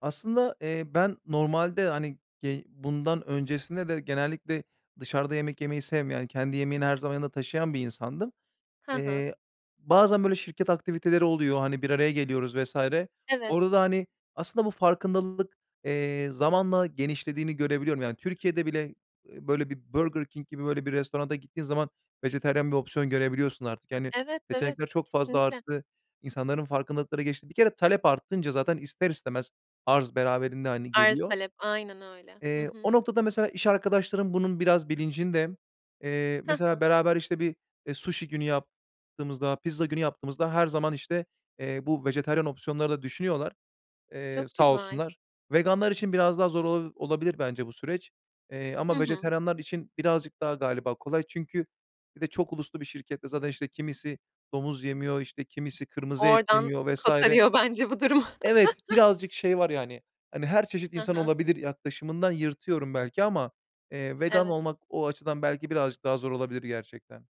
Aslında, eee, ben normalde, hani, ye bundan öncesinde de genellikle dışarıda yemek yemeyi sevmeyen, kendi yemeğini her zaman yanında taşıyan bir insandım. He he. Eee, bazen, böyle, şirket aktiviteleri oluyor, hani, bir araya geliyoruz vs. Evet. Orada da, hani, aslında bu farkındalık eee, zamanla genişlediğini görebiliyorum. Yani, Türkiye'de bile, eee, böyle bir Burger King gibi böyle bir restorana gittiğin zaman vejetaryen bir opsiyon görebiliyorsun artık. Yani, Evet, evet, seçenekler çok fazla kesinlikle. arttı, insanların farkındalıkları gelişti. Bir kere talep artınca zaten ister istemez arz beraberinde, hani, Arz geliyor. talep, aynen öyle. Hı Eee, o hı. noktada, mesela, iş arkadaşlarım bunun biraz bilincinde. Eee, Hı hı. mesela, beraber işte bir, eee, suşi günü yaptığımızda, pizza günü yaptığımızda her zaman işte bu vejetaryen opsiyonları da düşünüyorlar. Eee, Çok sağ güzel. olsunlar. Veganlar için biraz daha zor olabili olabilir bence bu süreç. Eee, Hı ama hı. vejetaryenler için birazcık daha galiba kolay. Çünkü bir de çok uluslu bir şirkette Zaten işte kimisi domuz yemiyor, işte, kimisi kırmızı et Oradan yemiyor vs. kurtarıyor bence bu durumu. Evet, birazcık şey var, yani, hani, "Her çeşit He insan he. olabilir." yaklaşımından yırtıyorum belki ama, eee, vegan Evet. olmak o açıdan belki birazcık daha zor olabilir gerçekten.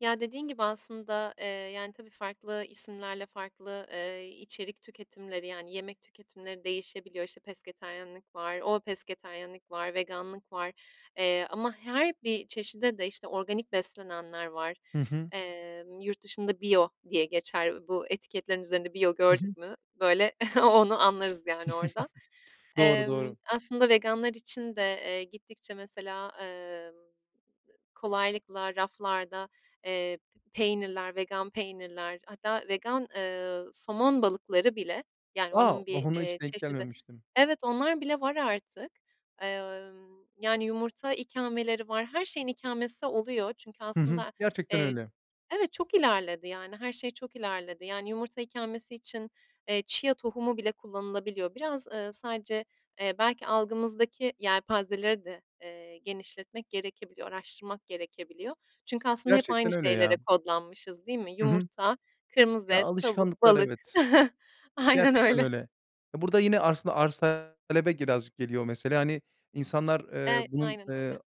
Ya, dediğin gibi aslında, eee, yani, tabii farklı isimlerle farklı, eee, içerik tüketimleri, yani, yemek tüketimleri değişebiliyor. İşte, pesketaryenlik var, o pesketaryenlik var, veganlık var, eee, ama her bir çeşide de işte, organik beslenenler var. Hı hı. Eee, yurt dışında bio diye geçer bu etiketlerin üzerinde. Bio Hı hı. gördük mü, böyle, onu anlarız, yani, orada. Doğru, Emm, doğru. aslında veganlar için de, eee, gittikçe, mesela, eee kolaylıkla raflarda, eee, p peynirler, vegan peynirler hatta vegan, eee, somon balıkları bile, yani, A! onun Bak bir, ona eee, hiç denk çeşidi. gelmemiştim. Evet, onlar bile var artık, emm, yani, yumurta ikameleri var, her şeyin ikamesi oluyor çünkü Hı hı. aslında, Gerçekten eee, öyle. evet. Çok ilerledi, yani, her şey çok ilerledi, yani, yumurta ikamesi için, eee, chia tohumu bile kullanılabiliyor. Biraz, ııı, sadece, eee, belki algımızdaki yelpazeleri de, eee, genişletmek gerekebiliyor, araştırmak gerekebiliyor çünkü aslında hep aynı Gerçekten öyle, şeylere ya. kodlanmışız, değil mi? Hı hı. Yumurta, kırmızı Ya, et, tavuk, alışkanlıklar, balık. evet. Aynen Gerçekten öyle. öyle. Burada yine aslında arz talebe birazcık geliyor mesele. Hani, insanlar, E eee, bunun, aynen eee, öyle.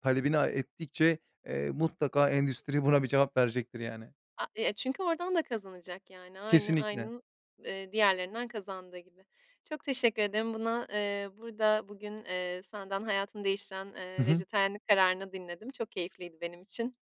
talebini, aaa, ettikçe, eee, mutlaka endüstri buna bir cevap verecektir, yani. A eee, çünkü oradan da kazanacak, yani, aynı Kesinlikle. aynın, eee, diğerlerinden kazandığı gibi. Çok teşekkür ederim buna eee, burada bugün, eee, senden hayatını değiştiren, Hı eee, hı. vejetaryenlik kararını dinledim. Çok keyifliydi benim için.